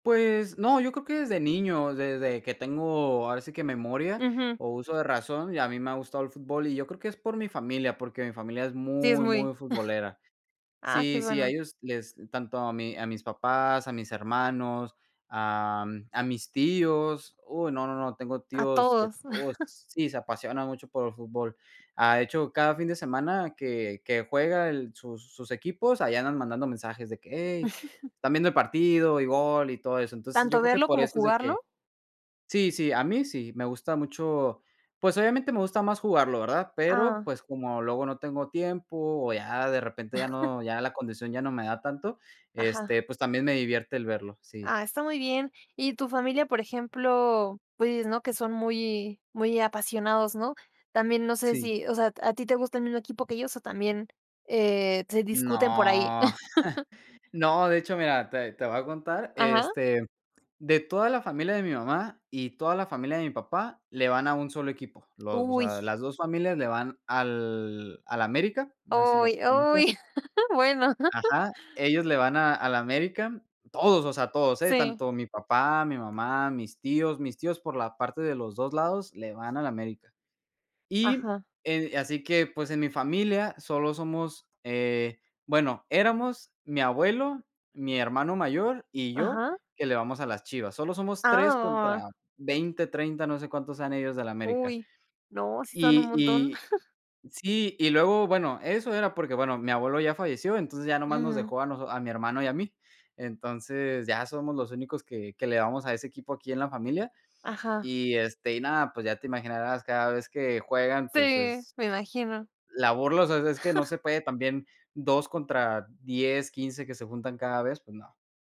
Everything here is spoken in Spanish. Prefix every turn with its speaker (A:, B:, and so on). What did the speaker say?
A: Pues, no, yo creo que desde niño, desde que tengo ahora sí que memoria,
B: Ujú
A: o, uso de razón, a mí me ha gustado el fútbol, y yo creo que es por mi familia, porque mi familia es
B: Sí es
A: muy,
B: muy
A: muy futbolera.
B: Ah, ¡qué
A: Sí, sí, a
B: bueno!
A: ellos les tanto a mi a mis papás, a mis hermanos, ah, a mis tíos, uy, no, no, no, tengo
B: A
A: tíos que
B: todos.
A: todos sí, se apasionan mucho por el fútbol. Ha hecho, cada fin de semana que que juega el sus sus equipos, ahí andan mandando mensajes de que: “Hey, ¿están viendo el partido?”, y “gol”, y todo eso. Entonces, yo
B: ¿Tanto
A: creo que
B: verlo
A: por
B: como
A: eso es de que
B: jugarlo?
A: sí, sí, a mí sí, me gusta mucho pues, obviamente me gusta más jugarlo, ¿verdad? Pero,
B: Ah.
A: pues, como luego no tengo tiempo, o, ya de repente ya no ya la condición ya no me da tanto,
B: Ajá.
A: este, pues, también me divierte el verlo, sí.
B: Ah, está muy bien. ¿Y tu familia?, por ejemplo, pues, ¿no? Que son muy muy apasionados, ¿no? También, no sé
A: Sí.
B: si, o sea, ¿a ti te gusta el mismo equipo que ellos, o, también eh, se discuten por ahí?
A: No, no, de hecho, mira, te te voy a contar,
B: Ajá.
A: este, de toda la familia de mi mamá, y toda la familia de mi papá le van a un solo equipo, los o
B: ¡Uy!
A: sea, las 2 familias le van al al América, no sé si lo
B: Uy,
A: conozcas
B: uy. Bueno.
A: ajá, ellos le van a al América, todos, o sea, todos, eh,
B: Sí.
A: tanto mi papá, mi mamá, mis tíos, mis tíos por la parte de los 2 lados le van al América. Y
B: Ajá.
A: eh así que, pues, en mi familia solo somos eh, bueno, éramos mi abuelo, mi hermano mayor, y yo,
B: Ajá.
A: que le vamos a las Chivas. Solo somos 3 contra
B: Ah.
A: 20, 30, no sé cuántos sean ellos del América.
B: ¡Uy!, no, ¡Sí son un
A: Y
B: montón!
A: y sí, y luego, bueno, eso era porque, bueno, mi abuelo ya falleció, entonces ya nomás nos
B: Mm.
A: dejó a nos a mi hermano y a mí. Entonces ya somos los únicos que que le vamos a ese equipo aquí en la familia,
B: Ajá.
A: y, este, y nada, pues, ya te imaginarás, cada vez que juegan, pues
B: Sí,
A: es
B: me imagino.
A: la burla, o sea, es que no se puede también 2 contra 10, 15 que se juntan cada vez, pues, no.